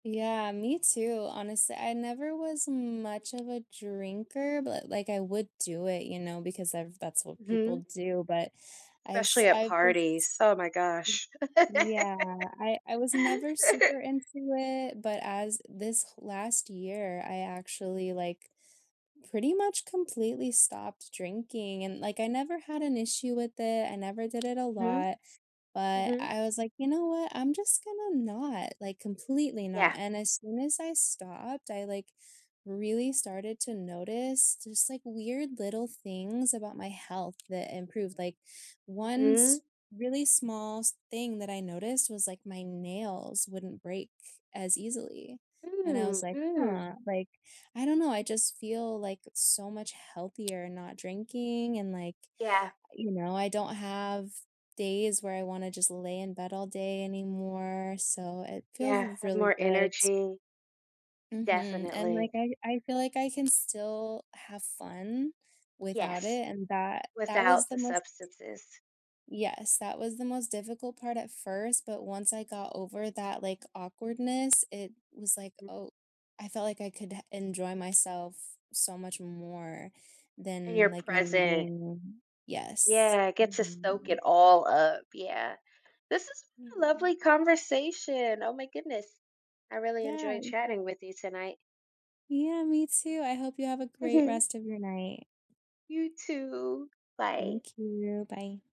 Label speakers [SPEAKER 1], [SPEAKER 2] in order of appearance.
[SPEAKER 1] Yeah, me too. Honestly, I never was much of a drinker, but, uh, like, I would do it, you know, because I've that's what
[SPEAKER 2] Mhm.
[SPEAKER 1] people do, but I've
[SPEAKER 2] Especially at
[SPEAKER 1] I just
[SPEAKER 2] parties. Oh my gosh.
[SPEAKER 1] Mm. Yeah. I I was never super into it, but as this last year, I actually, like, pretty much completely stopped drinking, and, like, I never had an issue with it, I never did it a
[SPEAKER 2] Mhm.
[SPEAKER 1] lot, but
[SPEAKER 2] Mhm.
[SPEAKER 1] I was, like, "You know what? I'm just gonna not," like, completely not,
[SPEAKER 2] Yeah.
[SPEAKER 1] and as soon as I stopped, I, like, really started to notice just, like, weird little things about my health that improved, like, one
[SPEAKER 2] Mhm.
[SPEAKER 1] s really smallest thing that I noticed was, like, my nails wouldn't break as easily, and I
[SPEAKER 2] Mm,
[SPEAKER 1] was like,
[SPEAKER 2] mm.
[SPEAKER 1] "Huh," like, I don't know. I just feel, like, so much healthier not drinking, and, like,
[SPEAKER 2] Yeah.
[SPEAKER 1] you know, I don't have days where I wanna just lay in bed all day anymore, so it feels
[SPEAKER 2] Yeah, have
[SPEAKER 1] really
[SPEAKER 2] more
[SPEAKER 1] good.
[SPEAKER 2] energy.
[SPEAKER 1] Mhm, and, like,
[SPEAKER 2] Definitely.
[SPEAKER 1] I- I feel like I can still have fun without
[SPEAKER 2] Yes.
[SPEAKER 1] it, and that that was
[SPEAKER 2] Without
[SPEAKER 1] the
[SPEAKER 2] the
[SPEAKER 1] most
[SPEAKER 2] substances.
[SPEAKER 1] Yes, that was the most difficult part at first, but once I got over that, like, awkwardness, it was, like,
[SPEAKER 2] Mm.
[SPEAKER 1] "Oh," I felt like I could ha enjoy myself so much more
[SPEAKER 2] And your
[SPEAKER 1] than, like, me
[SPEAKER 2] present.
[SPEAKER 1] being Yes.
[SPEAKER 2] Yeah, get to soak
[SPEAKER 1] Mhm.
[SPEAKER 2] it all up. Yeah. This has been a
[SPEAKER 1] Yeah.
[SPEAKER 2] lovely conversation. Oh my goodness. I really enjoyed
[SPEAKER 1] Yeah.
[SPEAKER 2] chatting with you tonight.
[SPEAKER 1] Yeah, me too. I hope you have a great
[SPEAKER 2] Mhm.
[SPEAKER 1] rest of your night.
[SPEAKER 2] You too. Bye.
[SPEAKER 1] Thank you. Bye.